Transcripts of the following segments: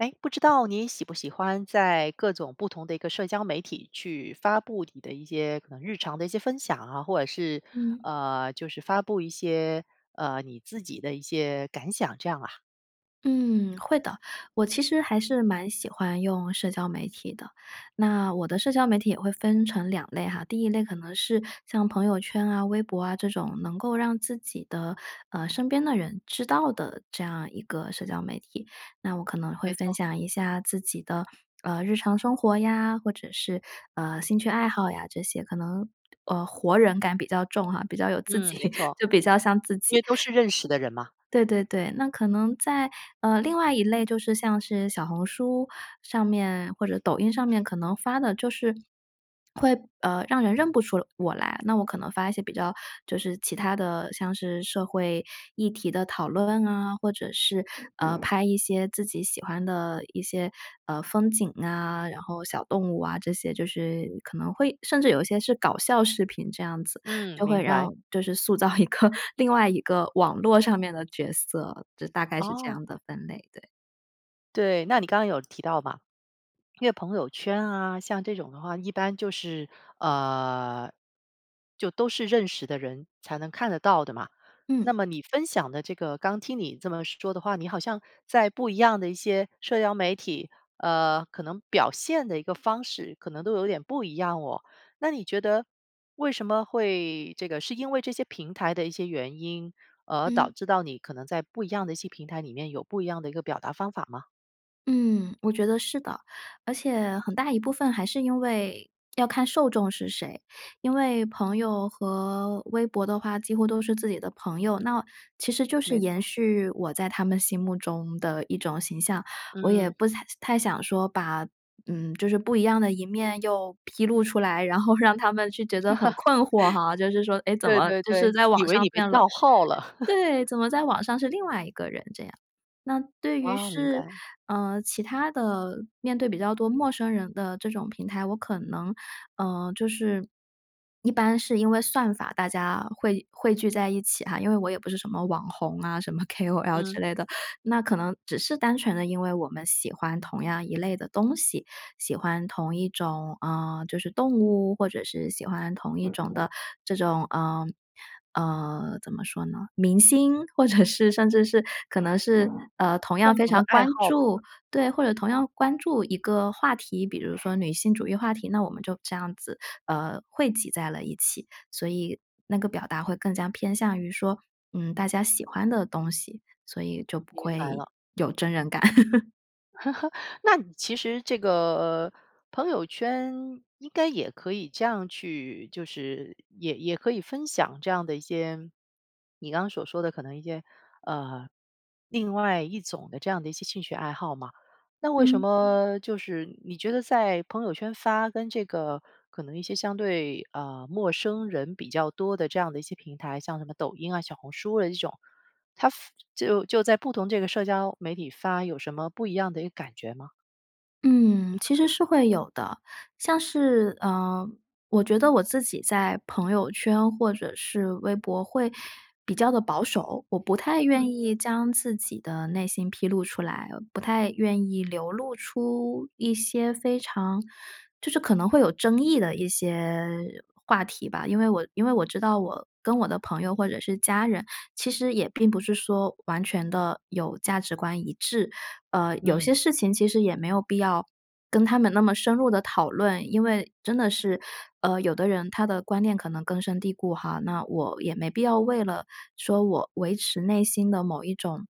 诶，不知道你喜不喜欢在各种不同的一个社交媒体去发布你的一些可能日常的一些分享啊，或者是，嗯。呃，就是发布一些，呃，你自己的一些感想，这样啊？嗯，会的。我其实还是蛮喜欢用社交媒体的。那我的社交媒体也会分成两类哈，第一类可能是，像朋友圈啊、微博啊这种，能够让自己的，呃，身边的人知道的，这样一个社交媒体。那我可能会没分错。享一下自己的，呃，日常生活呀，或者是，呃，兴趣爱好呀这些，可能，呃，活人感比较重哈，比较有自己，嗯，没错。就比较像自因己。为都是认识的人嘛。对对对，那可能在呃，另外一类就是像是小红书上面或者抖音上面，可能发的就是，会，呃，让人认不出我来，那我可能发一些比较就是其它的，像是社会议题的讨论啊，或者是，呃，拍一些自己喜欢的一些，呃，风景啊，然后小动物啊这些，就是可能会甚至有一些是搞笑视频这样子，嗯，就会明让白。就是塑造一个另外一个网络上面的角色。就大概是这哦。样的分类，对。对，那你刚刚有提到嘛，因为朋友圈啊，像这种的话，一般就是呃，就都是认识的人才能看得到的嘛。那嗯。么你分享的这个刚听你这么说的话，你好像在不一样的一些社交媒体，呃，可能表现的一个方式可能都有点不一样哦。那你觉得为什么会这个是因为这些平台的一些原因而导嗯。致到你可能在不一样的一些平台里面有不一样的一个表达方法吗？嗯，我觉得是的。而且，很大一部分还是因为，要看受众是谁，因为朋友和微博的话几乎都是自己的朋友，那其实就是没延错。续我在他们心目中的一种形象，我也嗯。不太太想说把，嗯，就是不一样的一面又披露出来，然后让他们就觉得很困惑哈，就是说，诶，怎对么，对就是对。在以网为上你被变了。盗号了。对，怎么在网上是另外一个人这样。那对于哦，明是白。呃，其它的面对比较多陌生人的这种平台，我可能，呃，就是，一般是因为算法大家会汇汇聚在一起哈，因为我也不是什么网红啊，什么 kol 之嗯。类的，那可能只是单纯地因为我们喜欢同样一类的东西，喜欢同一种呃，就是动物，或者是喜欢同一种的这种呃，呃，怎么说呢，明星或者是甚至是可能是，呃，同样共非同的常爱关好吧。注对，或者同样关注一个话题，比如说女性主义话题，那我们就这样子，呃，汇集在了一起。所以那个表达会更加偏向于说，嗯，大家喜欢的东西，所以就不明白会了。有真人感。那其实这个，呃，朋友圈应该也可以这样去就是也也可以分享这样的一些你刚刚所说的，可能一些呃，另外一种的这样的一些兴趣爱好嘛。那为什嗯。么就是你觉得在朋友圈发，跟这个可能一些相对，呃，陌生人比较多的这样的一些平台，像什么抖音啊，小红书的这种，它发就就在不同这个社交媒体发有什么不一样的一个感觉吗？嗯，其实是会有的，像是呃，我觉得我自己在朋友圈或者是微博会比较的保守，我不太愿嗯。意将自己的内心披露出来，不太愿意流露出一些非常就是可能会有争议的一些话题吧，因为我因为我知道我跟我的朋友或者是家人，其实也并不是说完全的有价值观一致，呃，有嗯。些事情其实也没有必要跟他们那么深入地讨论，因为真的是，呃，有的人他的观念可能根深蒂固哈，那我也没必要为了说我维持内心的某一种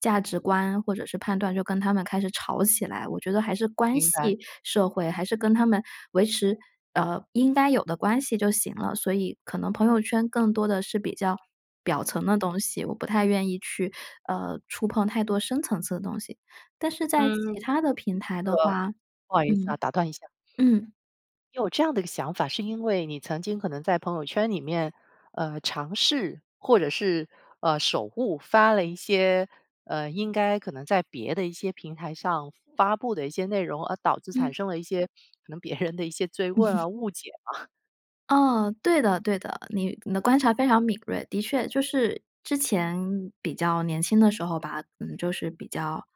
价值观或者是判断就跟他们开始吵起来，我觉得还是关明白。系社会，还是跟他们维持，呃，应该有的关系就行了。所以可能朋友圈更多的是比较表层的东西，我不太愿意去，呃，触碰太多深层次的东西。但是在嗯，其它的平台的个，话不好意思嗯，啊，打断一下，嗯。你有这样的一个想法，是因为你曾经可能在朋友圈里面，呃，尝试，或者是，呃，手误发了一些，呃，应该可能在别的一些平台上发布的一些内容，而导致产嗯。生了一些可能别人的一些 zui 嗯。问 啊，误解吗？哦，对的对的，你你的观察非常敏锐，的确，就是之前比较年轻的时候吧，嗯，就是比较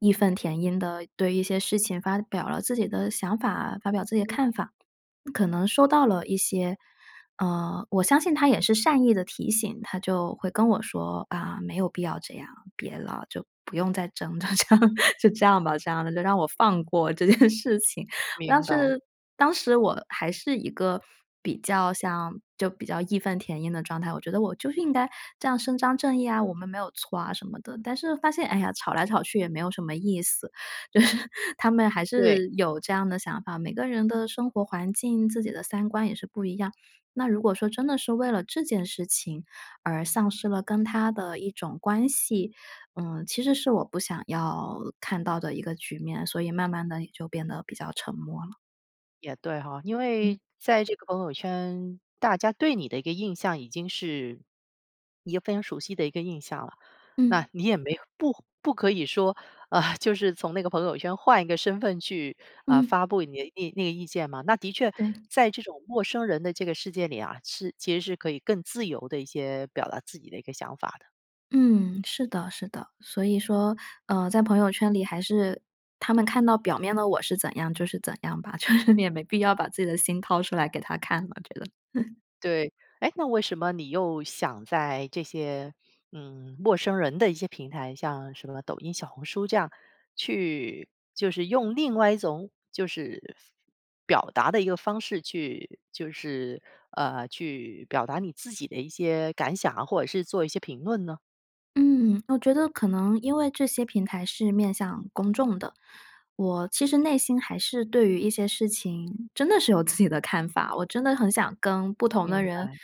义愤填膺地对一些事情发表了自己的想法，发表自己的嗯。看法。可能收到了一些呃，我相信他也是善意的提醒，他就会跟我说：“啊，没有必要这样，别了，就不用再争。”就这样，就这样吧，这样就让我放过这件事情。当明白。是当时我还是一个比较像就比较义愤填膺的状态，我觉得我就是应该这样伸张正义啊，我们没有错啊什么的，但是发现，哎呀，吵来吵去也没有什么意思。就是他们还对。是有这样的想法，每个人的生活环境，自己的三观也是不一样，那如果说真的是为了这件事情而丧失了跟他的一种关系，嗯，其实是我不想要看到的一个局面，所以慢慢地也就变得比较沉默了。也对哈。因嗯。为在这个朋友圈，大家对你的一个印象已经是一个非常熟悉的一个印象了。嗯。那你也没有不不可以说呃，就是从那个朋友圈换一个身份去，啊，嗯。发布你的那那个意见嘛。那的确，对。在这种陌生人的这个世界里啊，是其实是可以更自由的一些表达自己的一个想法的。嗯，是的是的。所以说，呃，在朋友圈里还是他们看到表面的我是怎样就是怎样吧，就是你也没必要把自己的心掏出来给他看了我觉得。对，诶，那为什么你又想在这些嗯，陌生人的一些平台，像什么抖音、小红书这样去就是用另外一种就是表达的一个方式去就是，呃，去表达你自己的一些感想啊，或者是做一些评论呢？嗯，我觉得可能因为这些平台是面向公众的。我其实内心还是对于一些事情真的是有自己的看法，我真的很想跟不同的明人白。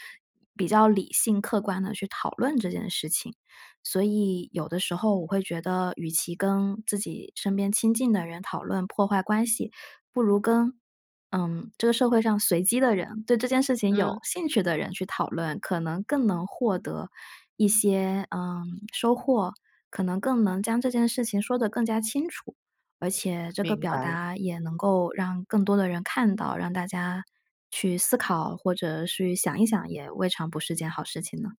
比较理性、客观地去讨论这件事情。所以有的时候我会觉得与其跟自己身边亲近的人讨论，破坏关系，不如跟，嗯，这个社会上随机的人，对这件事情有嗯。兴趣的人去讨论，可能更能获得一些，呃，收获，可能更能将这件事情说得更加清楚，而且这个明表白了。达也能够让更多的人看到，让大家去思考或者去想一想也未尝不是件好事情呢。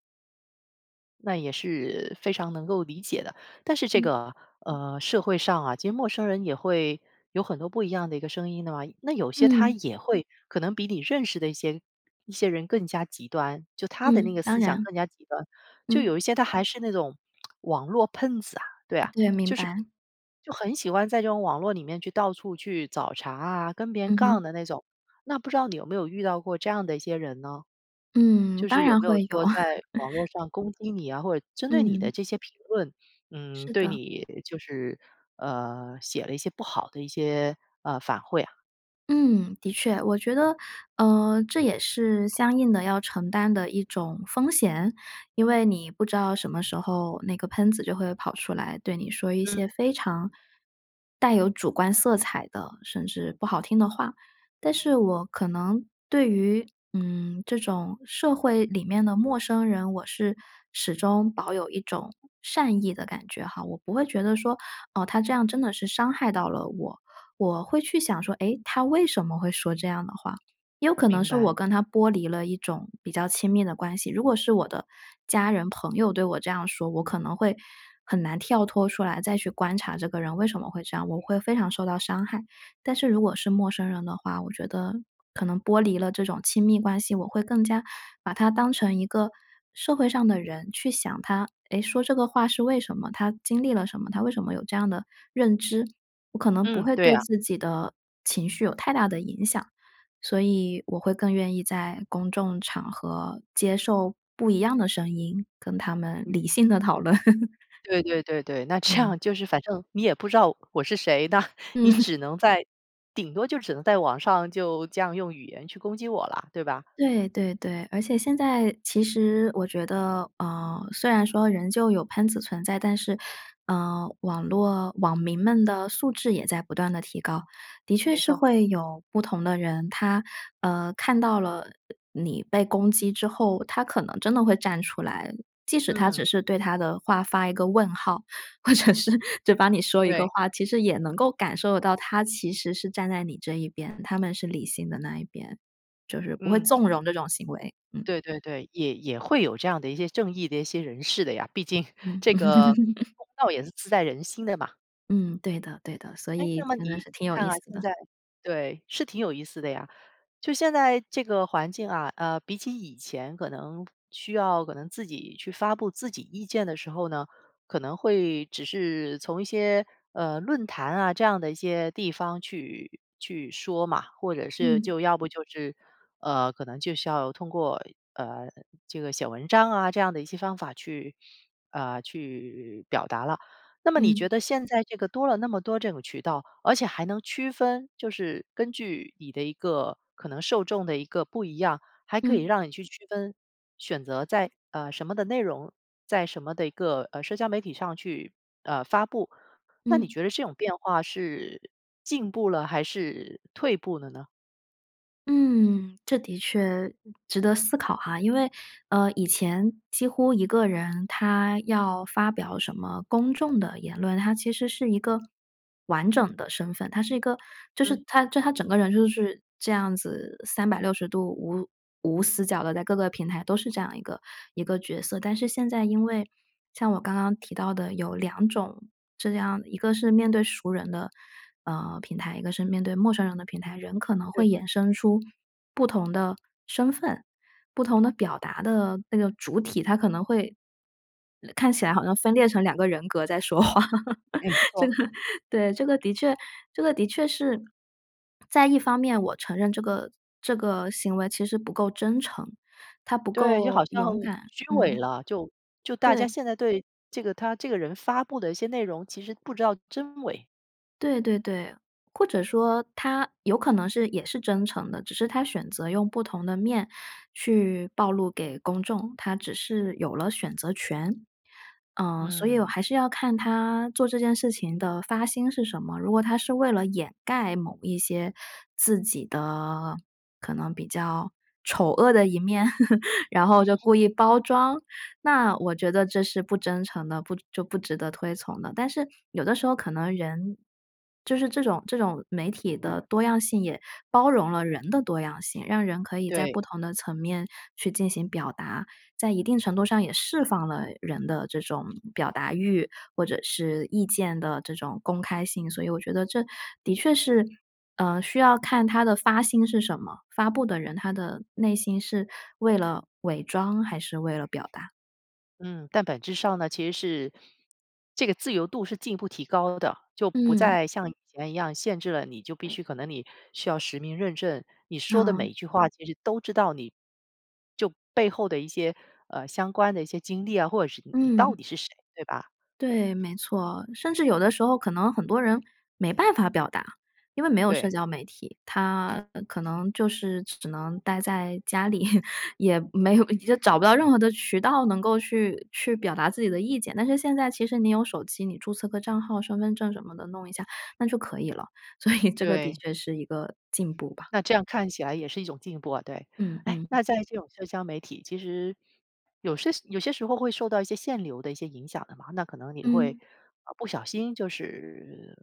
那也是非常能够理解的，但是这嗯。个，呃，社会上啊，其实陌生人也会有很多不一样的一个声音的嘛，那有些他嗯。也会可能比你认识的一些一些人更加极端，就他的那嗯，个当思想然。更加极端。就嗯。有一些他还是那种 网络喷子啊，对啊。对，明就是白。就很喜欢在这种网络里面去到处去找茬啊，跟别人嗯哼。杠的那种，那不知道你有没有遇到过这样的一些人呢？嗯，就当是有然没有会有。说在网络 上攻击你啊，或者针对你嗯。的这些评论，嗯，是对的。你就是呃，写了一些不好的一些，呃，反馈啊？嗯，的确。我觉得，呃，这也是相应地要承担的一种风险，因为你不知道什么时候那个喷子就会跑出来对你说一嗯。些非常带有主观色彩的，甚至不好听的话。但是我可能对于，嗯，这种社会里面的陌生人，我是始终保有一种善意的感觉哈，我不会觉得说，哦，他这样真的是伤害到了我，我会去想说“诶？他为什么会说这样的话”，也有可能明是我白。跟他剥离了一种比较亲密的关系，如果是我的家人、朋友对我这样说，我可能会很难跳脱出来再去观察这个人为什么会这样，我会非常受到伤害。但是如果是陌生人的话，我觉得可能剥离了这种亲密关系，我会更加把他当成一个社会上的人，去想他“诶？说这个话是为什么？他经历了什么？他为什么有这样的认知？“我可能不嗯，会对对啊。自己的情绪有太大的影响，所以我会更愿意在公众场合接受不一样的声音，跟他们嗯。理性地讨论。对对对对，那这样嗯。就是反正你也不知道我是谁，那嗯。你 只能在顶多就只能在网上，就这样用语言去攻击我了，对吧？对，对对。而且现在其实我觉得，呃，虽然说仍旧有喷子存在，但是，呃，网络网民们的素质也在不断地提高。的确没是错。会有不同的人，他，呃，看到了，呃，你被攻击之后，他可能真的会站出来。即使他只嗯。是对他的话发一个问号，或者是，就帮你说一个对。话，其实也能够感受到他其实是站在你这一边，他们是理性的那一边。就是不会嗯。纵容这种行为，嗯。对对对，也也会有这样的一些正义的一些人士的呀，毕竟，嗯。这个 公道也是自在人心的嘛。嗯，对的对的，所诶，以那么真你的你是挺有看意啊，思现的。在对，是挺有意思的呀。就现在这个环境啊，呃，比起以前，可能需要可能自己去发布自己意见的时候呢，可能会只是从一些，呃，论坛啊，这样的一些地方去去说嘛。或者是嗯。就要不就是，呃，可能就是要通过，呃，这个写文章啊，这样的一些方法去呃，去表达了。那么你嗯。觉得现在这个多了那么多这种渠道，而且还能区分就是根据你的一个可能受众的一个不一样，还可以嗯。让你去区分、选择在，呃，什么的内容在什么的一个，呃，社交媒体上去，呃，发布。那你嗯。觉得这种变化是进步了，还是退步了呢？嗯，这的确值得思考哈。因为，呃，以前几乎一个人他要发表什么公众的言论，他其实是一个完整的身份。他是一个就是嗯。他就他整个人就是这样子三百六十度，无无死角地在各个平台都是这样一个一个角色。但是现在因为，像我刚刚提到的有两种这样一个是面对熟人的，呃，平台，一个是面对陌生人的平台。人可能会对。衍生出不同的身份，不同的表达的那个主体，它可能会看起来好像分裂成2个人格在说话。没 这错。个对，这个的确这个的确是，在一方面我承认这个这个行为其实不够真诚，他不对，就够好像很勇敢虚伪嗯。了，就就大家对。现在对这个他这个人发布的一些内容，其实不知道真伪。对对对，或者说他有可能是也是真诚的，只是他选择用不同的面去暴露给公众，他只是有了选择权。呃，所以我嗯。还是要看他做这件事情的发心是什么，如果他是为了掩盖某一些自己的可能比较丑恶的一面，然后就 故意包装，那我觉得这是不真诚的，不就不值得推崇的。但是有的时候可能人就是这种这种媒体的多样性也包容了人的多样性，让人可以在对。不同的层面去进行表达，在一定程度上也释放了人的这种表达欲，或者是意见的这种公开性，所以我觉得这的确是，呃，需要看他的发心是什么，发布的人他的内心是为了伪装还是为了表达。嗯，但本质上呢，其实是这个自由度是进一步提高的，就不嗯。再像以前一样限制了你，就必须，可能你需要实名认证，你说的每哦。一句话其实都知道你就背后的一些，呃，相关的一些经历啊，或者是你你到嗯。底是谁，对吧？对，没错，甚至有的时候可能很多人没办法表达，因为没有社对。交媒体，他可能就是只能待在家里，也没有找不到任何的渠道能够去去表达自己的意见。但是现在其实你有手机，你注册个账号，身份证儿什么的弄一下，那就可以了，所以这个的对。确是一个进步吧。那这样看起来也是一种进步啊，对。嗯诶，嗯。那在这种社交媒体，其实有是有些时候会受到一些限流的一些影响的嘛，那可能你会，嗯。呃，不小心就是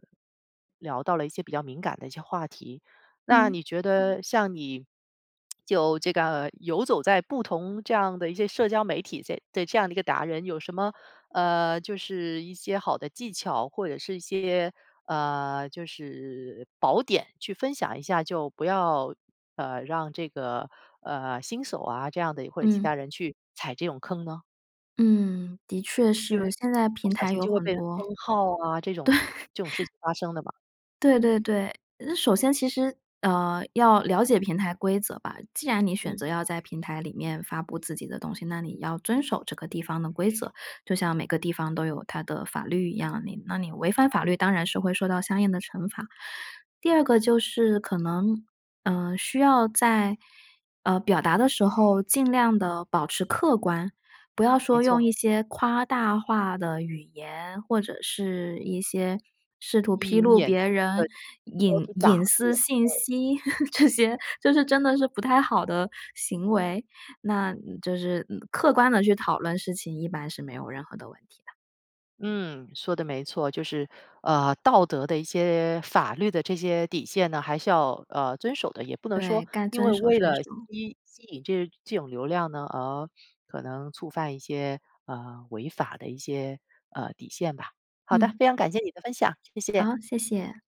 聊到了一些比较敏感的一些话题，那嗯。你觉得像你 就这个游走在不同这样的一些社交媒体 这 这这样的一个达人，有什么呃，就是一些好的技巧或者是一些呃，就是宝典去分享一下，就不要，呃，让这个，呃，新手啊这样的，或者其嗯。他人去踩这种坑呢？嗯，的确就是，现在不平小台心有就会很被多。封号啊这种这种对。事情发生的吧。对对对，呃，首先其实，呃，要了解平台规则吧，既然你选嗯。择要在平台里面发布自己的东西，那你要遵守这个地方的规则，就像每个地方都有它的法律一样，你那你违反法律当然是会受到相应的惩罚。第二个就是可能，呃，需要在，呃，表达的时候尽量地保持客观，不要没说用错。一些夸大化的语言，或者是一些试图吸披引露眼别球，人隐 [unintelligible] 隐打，私 [unintelligible] 信对。息 这些，就是真的是不太好的行为，那就是，嗯，客观地去讨论事情一般是没有任何的问题的。嗯，说得没错，就是，呃，道德的一些法律的这些底线呢，还是要，呃，遵守的，也不能说对，该因遵为守，为遵了守。吸吸引这这种流量呢，而可能触犯一些呃，违法的一些呃，底线吧。好的，嗯。非常感谢你的分享，谢谢。好，谢谢。